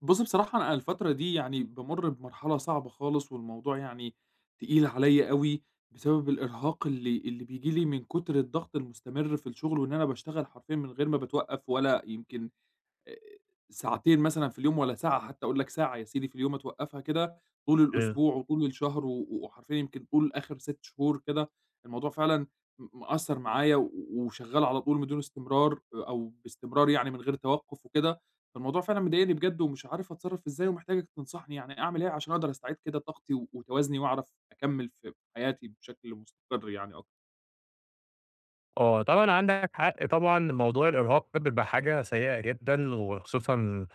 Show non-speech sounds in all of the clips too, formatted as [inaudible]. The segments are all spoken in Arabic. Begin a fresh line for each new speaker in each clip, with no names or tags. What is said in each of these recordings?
بُص بصراحة أنا الفترة دي يعني بامر بمرحلة صعبة خالص، والموضوع يعني تقيل عليَّ أوي؛ بسبب الإرهاق اللي اللي بييجي لي من كُترالضغط المستمر في الشغل، وإن أنا باشتغل حرفيًا من غير ما باتوقّف، ولا يمكن أ أ ساعتين مثلًا في اليوم ولا ساعة، حتّى أقول لك ساعة يا سيدي في اليوم أتوقّفها كده، طول
أيوه.
الأسبوع وطول الشهر و وحرفيًا يمكن طول آخِر 6 شهور كده الموضوع فعلًا م مأثّر معايا و وشغّال على طول بدون استمرار، أو باستمرار يعني من غير توقف وكده، فالموضوع فعلًا مضايقني بجد، ومش عارف أتصرّف إزاي، ومحتاجك تنصحني يعني أعمل إيه عشان أقدر أستعيد كده طاقتي وتوازني وأعرف أكمل في حياتي بشكل مستقر يعني أكتر؟
آه طبعًا عندك حق طبعًا، موضوع الإرهاق ده بيبقى حاجة سيئة جدًا، وخصوصًا،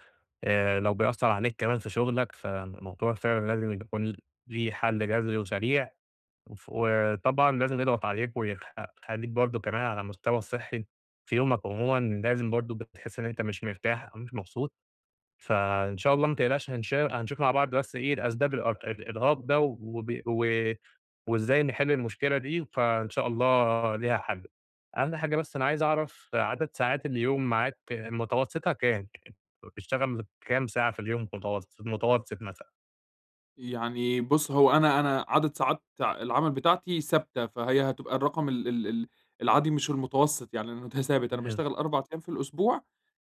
آآ، لو بيأثّر عليك كمان في شغلك، فالموضوع فعلًا لازم يكون ليه حل جذري وسريع، وف وطبعًا لازم يضغط عليك، ويخ يخلّيك برضه كمان على المستوى الصحّي- في يومك عمومًا- لازم برضه بتحس إن أنت مش مرتاح أو مش مبسوط، فإن شاء الله ما تقلقش هنش هنشوف مع بعض بس إيه الأسباب الأرق الإرهاق ده، وب و وإزاي نحل المشكلة دي، فإن شاء الله ليها حل. أهم حاجة بس أنا عايز أعرف عدد ساعات اليوم معاك متوسطها كام؟ وبتشتغل كام ساعة في اليوم متوسط في المتوسط مثلًا؟
يعني بُص هو أنا أنا عدد ساعات العمل بتاعتي ثابتة، فهي هتبقى الرقم ال ال ال العادي مش المتوسط يعني المت ثابت أنا
تمام.
باشتغل 4 أيام في الأسبوع،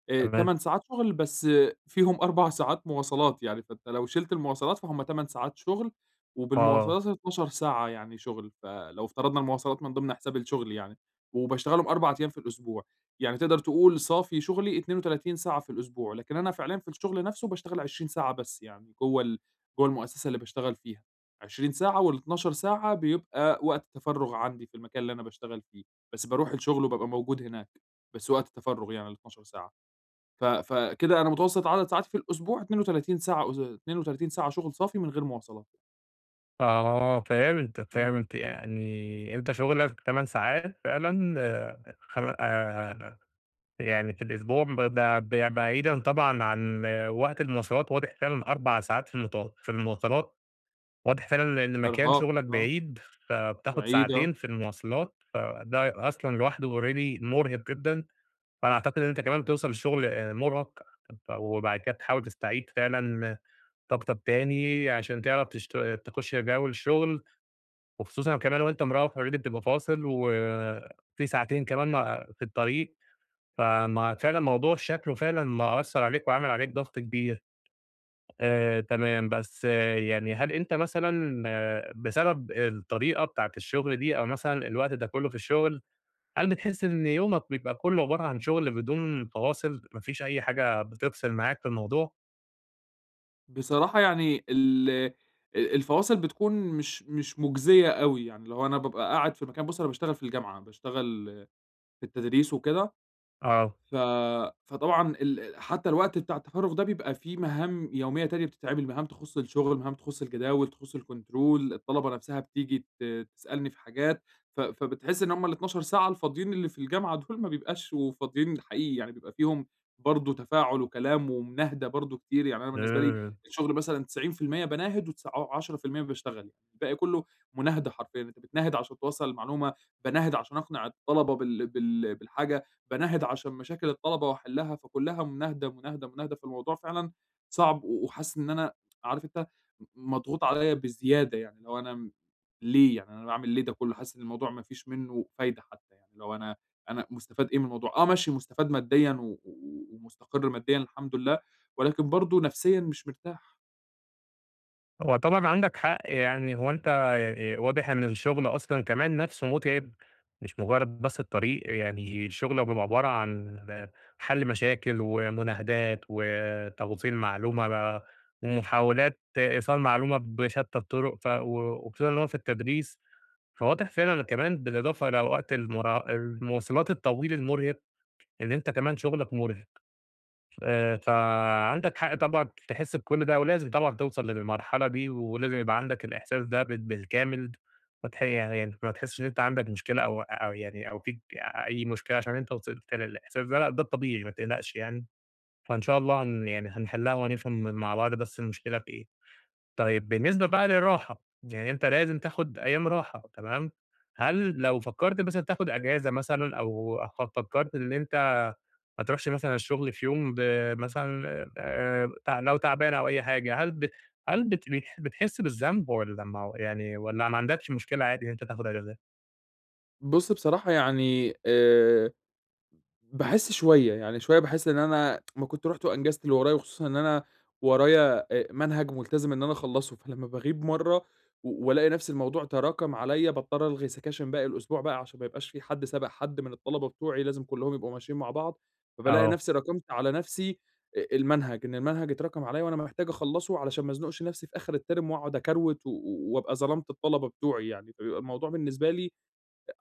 آآ
تمام.
8 ساعات شغل، بس فيهم 4 ساعات مواصلات يعني، فأنت لو شِلت المواصلات فهُم 8 ساعات شغل،
آه.
وبالمواصلات 12 ساعة يعني شغل، فلو افترضنا المواصلات من ضمن حساب الشغل يعني، وباشتغلهم 4 أيام في الأسبوع، يعني تقدر تقول صافي شغلي 32 ساعة في الأسبوع، لكن أنا فعليًا في الشغل نفسه باشتغل 20 ساعة بس يعني، جوه ال جوه المؤسسة اللي باشتغل فيها، 20 ساعة، وال12 ساعة بيبقى وقت تفَرُغ عندي في المكان اللي أنا باشتغل فيه. بس باروح الشغل وبابقى موجود هناك بس وقت التفرغ يعني ال12 ساعة، ف فكده أنا متوسط عدد ساعاتي في الأسبوع 32 ساعة أس 32 ساعة شغل صافي من غير مواصلات.
آه فهمتك
إمم.
فهمت، يعني أنت شغلك 8 ساعات فعلًا خم آآ يعني في الأسبوع، بد ب ب بعيدًا طبعًا عن وقت المواصلات واضح فعلًا 4 ساعات في المت في المواصلات، واضح فعلًا إن مكان
إرهاق
شغلك
آه،
بعيد، فبتاخد
بعيد آه.
ساعتين في المواصلات، فده أصلًا لوحده already مرهق جدًا، فأنا أعتقد إن أنت كمان بتوصل شغل مرهق، وبعد كده بتحاول تستعيد فعلًا طاقتك تاني عشان تعرف تشت تخش جو الشغل، وخصوصًا كمان وأنت مروّح already بتبقى فاصل، وفي ساعتين كمان م في الطريق، ف ما فعلًا موضوع شكله فعلًا مأثر عليك، وعامل عليك ضغط كبير، آآ تمام بس يعني هل أنت مثلًا بسبب الطريقة بتاعة الشغل دي أو مثلًا الوقت ده كله في الشغل، هل بتحس إن يومك بيبقى كله عبارة عن شغل بدون فواصل، ما فيش أي حاجة بتفصل معاك في الموضوع؟
بصراحة يعني ال أ الفواصل بتكون مش مش مُجزية أوي، يعني لو أنا بابقى قاعد في مكان بُص أنا باشتغل في الجامعة، باشتغل في التدريس وكده.
آه.
ف فطبعًا ال حتى الوقت بتاع التفرغ ده بيبقى فيه مهام يومية تانية بتتعمل، مهام تخص الشغل، مهام تخص الجداول تخص الكنترول الطلبة نفسها بتيجي ت تسألني في حاجات، ف فبتحس إن هُم ال12 ساعة الفاضيين اللي في الجامعة دول، ما بيبقاش وفاضيين حقيقي، يعني بيبقى فيهم برضو تفاعل وكلام ومناهِدة برضو كتير، يعني أنا بالنسبة لي
[unintelligible]
الشغل مثلًا 90% باناهد وتس ع عشرة في المِيّة باشتغل، الباقي كله مناهدة حرفيًا، أنت بتناهِد عشان توصَّل المعلومة، باناهِد عشان أقنع الطلبة بال بال بالحاجة، باناهِد عشان مشاكل الطلبة وأحلها، فكلها مناهِدة، مناهِدة، مناهِدة فالموضوع فعلًا صعب و وحاسس إن أنا عارف أنت م مضغوط عليَّ بزيادة يعني، اللي هو أنا م ليه يعني أنا باعمل ليه ده كله؟ حاسس إن الموضوع ما فيش منه فايدة حتى يعني، اللي هو أنا أنا مُستفاد إيه من الموضوع؟ آه، ماشي مُستفاد ماديًا، و و ومُستقر ماديًا الحمد لله، ولكن برضو نفسيًا مش مرتاح.
هو طبعًا عندك حق يعني، هو أنت آآ واضح إن الشغل أصلًا كمان نفسه متعب، مش مجرد بس الطريق، يعني شغلك بيبقى عبارة عن حل مشاكل ومناهدات وتوصيل معلومة بقى، ومحاولات إيصال معلومة بشتى الطرق، ف و وخصوصًا في التدريس، فواضح فعلًا كمان بالإضافة إلى وقت المرا المواصلات الطويل المرهق، إن أنت كمان شغلك مرهق، آآ فعندك حق طبعًا تحس بكل ده، ولازم طبعًا توصل للمرحلة دي، ولازم يبقى عندك الإحساس ده بال بالكامل، ماتح يعني ما تحسش إن أنت عندك مشكلة، أو أو يعني أو فيك أي مشكلة، عشان أنت وصلت للإحساس ده لأ، ده الطبيعي ما تقلقش يعني، فإن شاء الله هن يعني هنحلها وهنفهم مع بعض بس المشكلة في إيه، طيب بالنسبة بقى للراحة، يعني أنت لازم تاخد أيام راحة تمام، هل لو فكرت مثلًا تاخد إجازة مثلًا، أو ف فكرت إن أنت ما تروحش مثلًا الشغل في يوم، ب مثلًا آآ لو تعبان أو أي حاجة، هل ب هل بت بتحس بالذنب، والّا ما يعني والّا ما عندكش مشكلة عادي إن أنت تاخد إجازات؟
بُص، بصراحة يعني آآ، باحس شوية يعني شوية باحس إن أنا ما كنت رُحت وانجزت اللي ورايا وخصوصًا إن أنا ورايا أ منهج ملتزم إن أنا اخلصه، فلمَّا باغيب مرة والاقي نفس الموضوع تراكم عليَّا باضطر الغي سكاشن باقي الأسبوع بقى، عشان ما يبقاش في حد سابق حد من الطلبة بتوعي لازم كلهم يبقوا ماشيين مع بعض، فبالاقي
آه.
نفسي راكمت على نفسي المنهج، إن المنهج اتراكم عليَّ وأنا محتاج أخلَّصه علشان ما ازنقش نفسي في آخر الterm وأقعد أكروِت و وابقى ظلَمت الطلبة بتوعي يعني، فبيبقى الموضوع بالنسبة لي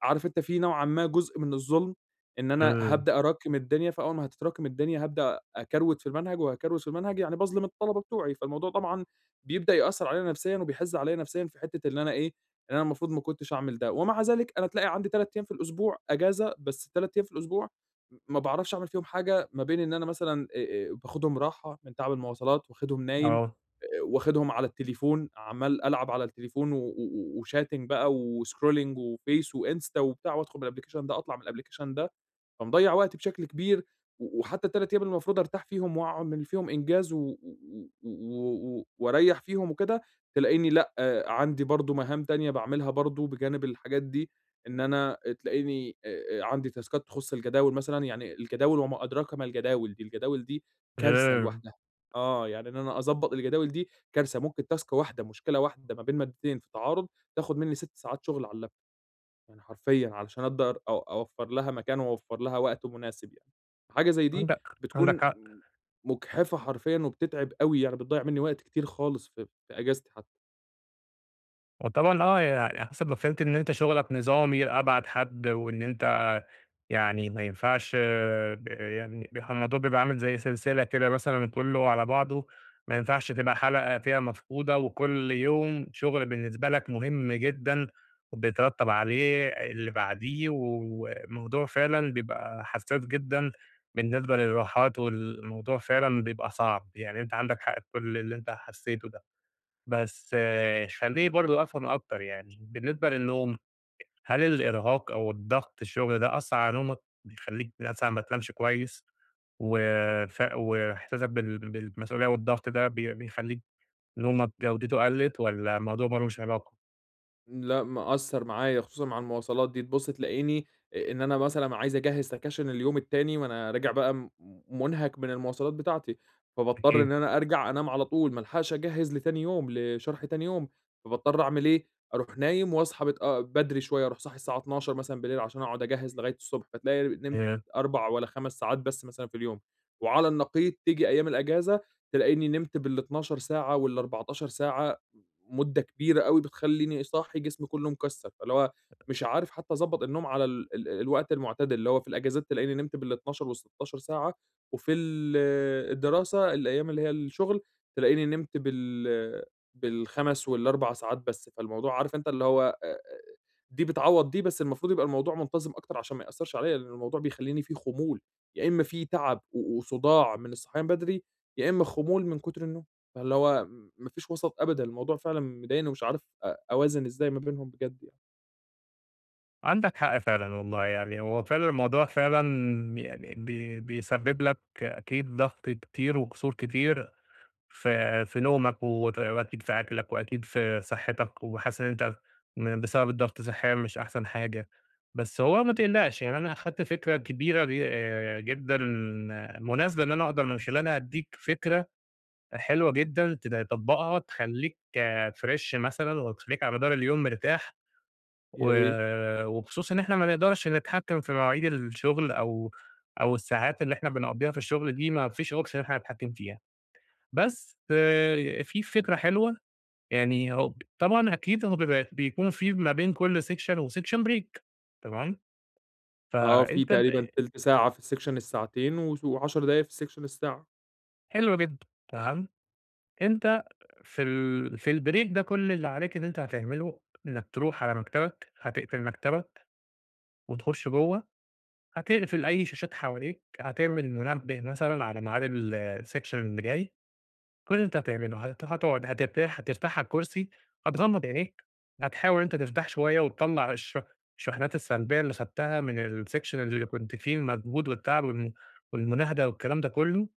عارف أنت في نوعًا ما جزء من الظلم، إن أنا
[unintelligible]
هابدأ اراكم الدنيا فأول ما هتتراكم الدنيا هابدأ اكروِت في المنهج، وهاكروِت في المنهج يعني باظلم الطلبة بتوعي، فالموضوع طبعًا بيبدأ يأثر عليَّ نفسيًا وبيحزّ عليَّ نفسيًا في حتِّة إن أنا إيه، إن أنا المفروض ما كنتش أعمل ده، ومع ذلك أنا تلاقي عندي 3 أيام في الأسبوع أجازة، بس 3 أيام في الأسبوع م ما باعرفش أعمل فيهم حاجة، ما بين إن أنا مثلًا آآ، باخدهم راحة من تعب المواصلات، واخدهم نايم،
آه.
آآ، واخدهم على التليفون عمَّال العب على التليفون و و وchatting بقى وscrolling وface وinsta وبتاع وأدخل من الأبلكيشن ده أطلع من الأبليكيشن ده، فمضيّع وقتي بشكل كبير وحتى ال3 أيام المفروض أرتاح فيهم وأعمل فيهم إنجاز، و و و واريّح فيهم وكده، تلاقيني لأ عندي برضه مهام تانية باعملها برضه بجانب الحاجات دي إن أنا تلاقيني آآ، عندي تاسكات تخص الجداول مثلًا، يعني الجداول وما أدراك ما الجداول دي الجداول دي كارثة
[unintelligible]
لوحدها. آه، يعني إن أنا أضبط الجداول دي كارثة ممكن تاسك واحدة مشكلة واحدة ما بين مادتين في تعارض تاخد مني 6 ساعات شغل على اللاب توب يعني حرفيًا عشان أقدر اوفر لها مكان و واوفر لها وقت مناسب يعني، حاجة زي دي
عندك
بتكون
عندك حق.
م مجحفة حرفيًا، وبتتعِب أوي، يعني بتضيّع مني وقت كتير خالص في في أجازتي حتى.
هو طبعًا آه يع على حسب ما فهمت إن أنت شغلك نظامي لأبعد حد، وإن أنت يعني ما ينفعش آآ يعني، ب الموضوع بيبقى عامل زي سلسلة كده مثلًا كله على بعضه، ما ينفعش تبقى حلقة فيها مفقودة، وكل يوم شغل بالنسبة لك مهم جدًا، وبيترتب عليه اللي بعديه، والموضوع فعلًا بيبقى حساس جدًا، بالنسبة للراحات والموضوع فعلًا بيبقى صعب، يعني أنت عندك حق في كل اللي أنت حسيته ده، بس خليني برضو أفهم أكتر يعني، بالنسبة للنوم، هل الإرهاق أو الضغط الشغل ده أثَّرعلى نومك؟ بيخليك مثلًا ما تنامش كويس؟ و ف وإحساسك بال بالمسئولية والضغط ده بي بيخليك نومك جودته قلَّت، والّا الموضوع ما لوش علاقة؟
لأ مأثَّر معايا خصوصًا مع المواصلات دي تبص تلاقيني، إن أنا مثلًا عايز أجهِّز سكَاشِن اليوم التاني، ما أنا راجع بقى منهك من المواصلات بتاعتي، فباضطر
أكيد.
إن أنا أرجع أنام على طول ما ألحقش أجهِّز لتاني يوم لشرح تاني يوم، فباضطر أعمل إيه؟ أروح نايم وأصحى متأ بدري شوية أروح صاحي الساعة 00:00 مثلًا بالليل، عشان أقعد أجهِّز لغاية الصبح فتلاقي نمت
[unintelligible]
4 والّا 5 ساعات بس مثلًا في اليوم، وعلى النقيض تيجي أيام الإجازة تلاقيني نمت بال12 ساعة وال14 ساعة، مدة كبيرة أوي بتخليني صاحي جسمي كله مكسر، فاللي هو مش عارف حتى أضبط النوم على ال ال الوقت المعتدل، اللي هو في الإجازات تلاقيني نمت بال12 وال16 ساعة، وفي ال الدراسة الأيام اللي هي الشغل، تلاقيني نمت بال بال5 وال4 ساعات بس، فالموضوع عارف أنت اللي هو، آآ، دي بتعوض دي، بس المفروض يبقى الموضوع منتظم أكتر عشان ما يأثّرش عليّا لإن الموضوع بيخليني في خمول، يا إما في تعب وصداع من الصحيان بدري، يا إما خمول من كتر النوم، فاللي هو ما فيش وسط أبدًا، الموضوع فعلًا مضايقني ومش عارف أ أوازن إزاي ما بينهم بجد يع
عندك حق فعلًا والله، يعني هو فعلًا الموضوع يعني بي بيسبب لك أكيد ضغط كتير وقُصُور كتير ف في نومك وت وأكيد في أكلك وأكيد في صحتك، وحاسس إن أنت م بسبب الضغط صحيًا مش أحسن حاجة. بس هو ما تقلقش، يعني أنا أخدت فكرة كبيرة آآ، جدًا مناسبة إن أنا أقدر من خلالها أدّيك فكرة حلوة جدًا ت تطبقها تخليك فريش مثلًا وتخليك على مدار اليوم مرتاح.
يا
و
ريت.
وبخصوص إن إحنا ما نقدرش نتحكم في مواعيد الشغل أو أو الساعات اللي إحنا بنقضيها في الشغل دي، ما فيش option إن إحنا نتحكم فيها، بس ف في فكرة حلوة يعني، هو طبعًا أكيد هما بيبقي بيكون في ما بين كل section و break section تمام؟
آه، في
فأنت
تقريبًا
ت
1/3 ساعة في الsection الساعتين و و10 دقايق في section الساعة.
حلو جدًا تمام. أنت في ال في الbreak ده، كل اللي عليك إن أنت هتعمله إنك تروح على مكتبك، هتقفل مكتبك وتخش جوه، هتقفل أي شاشات حواليك، هتعمل المنبه مثلًا على معاد ال الsection اللي جاي. كل اللي أنت هتعمله، هت هتقعد، هترتاح هترتاح على الكرسي، هتغمض عينيك، هتحاول إن أنت ترتاح شوية وتِطَلَع الشحن الشحنات السلبية اللي خدتها من الsection اللي كنت فيه، المجهود والتعب و والمناهدة والكلام ده كله.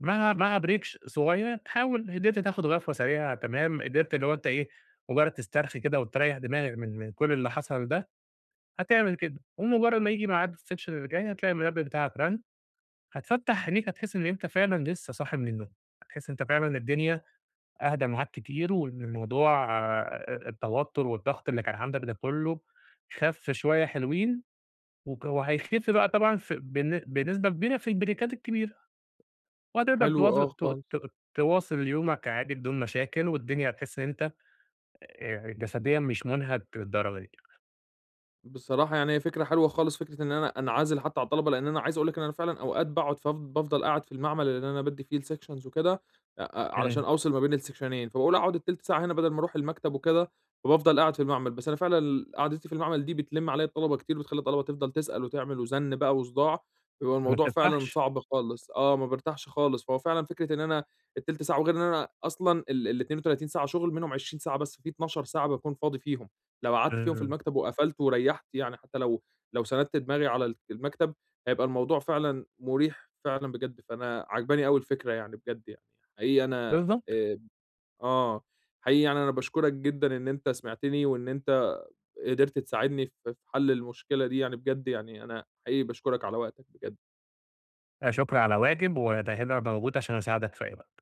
مع مع break ش صغير حاول إن أنت تاخد غفوة سريعة، تمام قدرت اللي هو أنت ايه مجرد تسترخي كده وتريح دماغك من من كل اللي حصل ده، هتعمل كده، ومجرد ما ييجي ميعاد الsection اللي جاي هتلاقي المنبه بتاعك رن، هتفَتَح عنيك، هتحس إن أنت فعلًا لسه صاحي من النوم، هتحس إن أنت فعلًا الدنيا أهدى معاك كتير، وإن موضوع آآ التوتر والضغط اللي كان عندك ده كله خف شوية حلوين. وك وهيخف بقى طبعًا ف بن بنسبة كبيرة في البريكات الكبيرة، وهتقدر
حلو،
تواظب
آه،
ت
خالص.
ت تواصل يومك عادي بدون مشاكل، والدنيا هتحس إن أنت آآ، جسديًا مش مُنهك للدرجة دي.
بصراحة، يعني هي فكرة حلوة خالص فكرة إن أنا أنعزل حتى عن الطلبة لأن أنا عايز أقول لك إن أنا فعلًا أوقات باقعد، ف بافضل قاعد في المعمل اللي أنا بَادّي فيه الsections وكده، أ أ علشان
تمام.
أوصِل ما بين السكشنين فباقول أقعد 1/3 ساعة هنا بدل ما أروح المكتب وكده، فبافضل قاعد في المعمل بس أنا فعلًا ال قعدتي في المعمل دي بتلم عليّا الطلبة كتير، بتخلي الطلبة تفضل تسأل وتعمل وزن بقى وصداع، فبيبقى
ما
الموضوع فعلًا
بترتحش.
صعب خالص، آه، ما بارتاحش خالص. فهو فعلًا فكرة إن أنا ال1/3 ساعة وغير إن أنا أصلًا ال ال32 ساعة شغل منهم 20 ساعة بس في 12 ساعة باكون فاضي فيهم، لو قعدت فيهم في
امم.
المكتب وقفلت وريحت يعني حتى لو لو سندت دماغي على المكتب هيبقى الموضوع فعلًا مريح، فعلًا بجد. فأنا عاجباني أوي الفكرة يعني بجد، يعني حقيقي أنا
بالضبط.
آآ آه، حقيقي يعني أنا باشكرك جدًا إن أنت سمعتني، وإن أنت قدِرت تساعدني ف في حل المشكلة دي، يعني بجد يعني أنا حقيقي باشكرك على وقتك بجد.
لا شكر على واجب، وده هنا موجود علشان أساعدك في أي وقت.